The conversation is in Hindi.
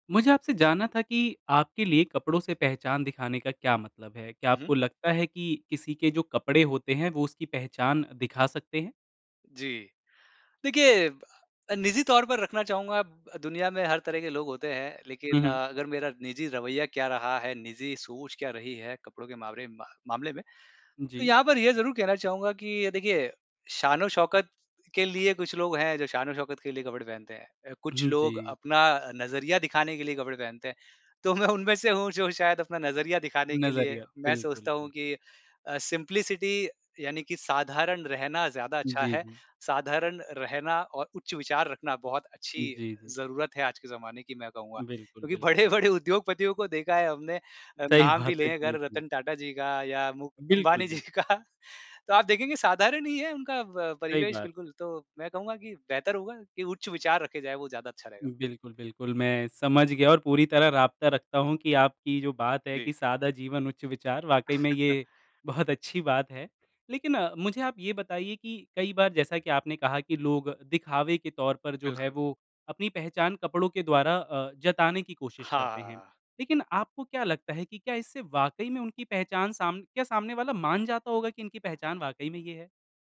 मुझे आपसे जानना था कि आपके लिए कपड़ों से पहचान दिखाने का क्या मतलब है? क्या हुँ, हुँ। आपको लगता है कि किसी के जो कपड़े होते हैं वो उसकी पहचान दिखा सकते हैं? जी, देखिए अ, निजी तौर पर रखना चाहूँगा ब दुनिया में हर तरह के लोग होते हैं, हुँ, लेकिन हुँ। अ, अगर मेरा निजी रवैया क्या रहा है, निजी सोच क्या रही है कपड़ों के मामरे मामले में, तो जी। यहाँ पर ये ज़रूर कहना चाहूँगा कि अ, देखिए शान-ओ-शौकत के लिए कुछ लोग हैं, जो शान-ओ-शौकत के लिए कपड़े पहनते हैं। अ, कुछ उहुँ, लोग जी। अपना अ, नज़रिया दिखाने के लिए कपड़े पहनते हैं। तो मैं उनमें से हूँ जो शायद अपना नज़रिया दिखाने के लिए नज़रिया, मैं बिल्कुल, सोचता हूँ बिल्कुल। कि अ, सिम्प्लिसिटी यानि कि साधारण रहना ज़्यादा अच्छा जी, है। जी। साधारण रहना और उच्च विचार रखना, बहुत अच्छी जी, जी। ज़रूरत है आज के ज़माने की मैं कहूँगा। बिल्कुल, क्योंकि बिल्कुल। बड़े-बड़े उद्योगपतियों को देखा है हमने अ, सही नाम भी बात है, लें जी, अगर, जी। रतन टाटा जी का या मु बिल्कुल, अंबानी जी बिल्कुल। का तो आप देखेंगे साधारण ही है उनका ब सही परिवेश बात है। बिल्कुल, तो मैं कहूँगा कि बेहतर होगा कि उच्च विचार रखे जाएँ, वो ज़्यादा अच्छा रहेगा। बिल्कुल, बिल्कुल मैं समझ गया और पूरी तरह राब्ता रखता हूँ कि आपकी जो बात है जी। कि सादा जीवन उच्च विचार, वाक़ई में ये बहुत अच्छी बात है। लेकिन मुझे आप ये बताइए कि कई बार जैसा कि आपने कहा कि लोग दिखावे के तौर पर जो है, बिल्कुल। वो अपनी पहचान कपड़ों के द्वारा अ, जताने की कोशिश करते हैं, हाँ। लेकिन आपको क्या लगता है कि क्या इससे वाक़ई में उनकी पहचान साम क्या सामने वाला मान जाता होगा कि इनकी पहचान वाक़ई में ये है?